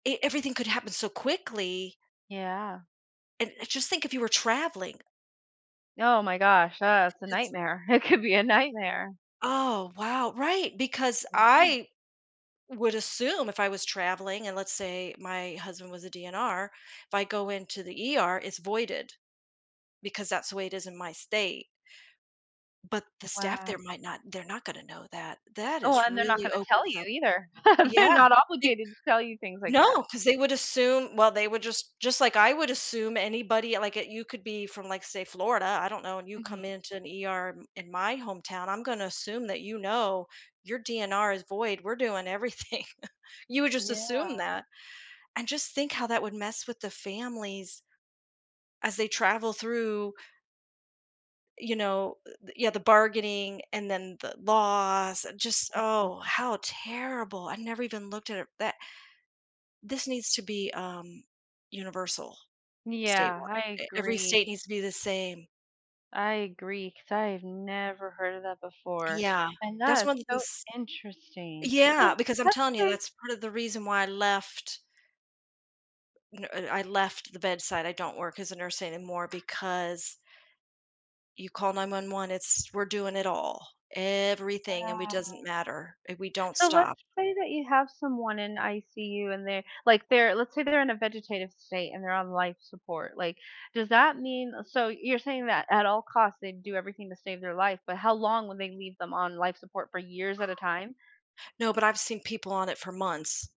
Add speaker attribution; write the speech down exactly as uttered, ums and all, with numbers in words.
Speaker 1: E everything could happen so quickly
Speaker 2: Yeah.
Speaker 1: and, uh, just think if you were traveling.
Speaker 2: Oh my gosh, ugh, it's a
Speaker 1: it's
Speaker 2: nightmare, it could be a nightmare.
Speaker 1: Oh, wow, right, because
Speaker 2: Anytime.
Speaker 1: I would assume if I was traveling and let's say my husband was a D-N-R, if I go into the E-R it's voided because that's the way it is in my state. But the staff
Speaker 2: Wow.
Speaker 1: there might not they're not gonna know that. That
Speaker 2: Oh,
Speaker 1: is
Speaker 2: and they're not
Speaker 1: really
Speaker 2: going to tell
Speaker 1: opens
Speaker 2: you
Speaker 1: up
Speaker 2: either. They're
Speaker 1: Yeah,
Speaker 2: not
Speaker 1: it
Speaker 2: obligated to tell you things like that.
Speaker 1: No, 'cause they would assume well, they would just just, like, I would assume anybody like it you could be from like, say, Florida, I don't know, and you come
Speaker 2: Mhm.
Speaker 1: into an E-R in in my hometown, I'm gonna assume that, you know, your D-N-R is void, we're doing everything. You would just assume
Speaker 2: Yeah.
Speaker 1: that. And just think how that would mess with the families as they travel through you know, eh, the yeah, the bargaining and then the loss, and just
Speaker 2: Mhm.
Speaker 1: Oh, how terrible, I never even looked at it that This needs to be, um, universal.
Speaker 2: Yeah,
Speaker 1: Statewi
Speaker 2: I
Speaker 1: eh every
Speaker 2: agree.
Speaker 1: state needs to be the same.
Speaker 2: I agree, 'cause I have never heard of that before.
Speaker 1: Yeah,
Speaker 2: And
Speaker 1: that's
Speaker 2: that is
Speaker 1: one of
Speaker 2: so
Speaker 1: these
Speaker 2: interesting.
Speaker 1: Yeah,
Speaker 2: Oh,
Speaker 1: because I'm
Speaker 2: what
Speaker 1: telling you,
Speaker 2: state
Speaker 1: that's part of the reason why I left n and I left the bedside; I don't work as a nurse anymore because you call nine-one-one, it's we're doing it all. Everything, and we doesn't
Speaker 2: Wow.
Speaker 1: matter, and we don't
Speaker 2: So let's
Speaker 1: stop.
Speaker 2: say that you have someone in I-C-U and they're like, they're let's say they're in a vegetative state and they're on life support, like, does that mean a so you're saying that at all costs, they do everything to save their life, but how long will they leave them on life support? For years at a time?
Speaker 1: No, but I've seen people on it for months.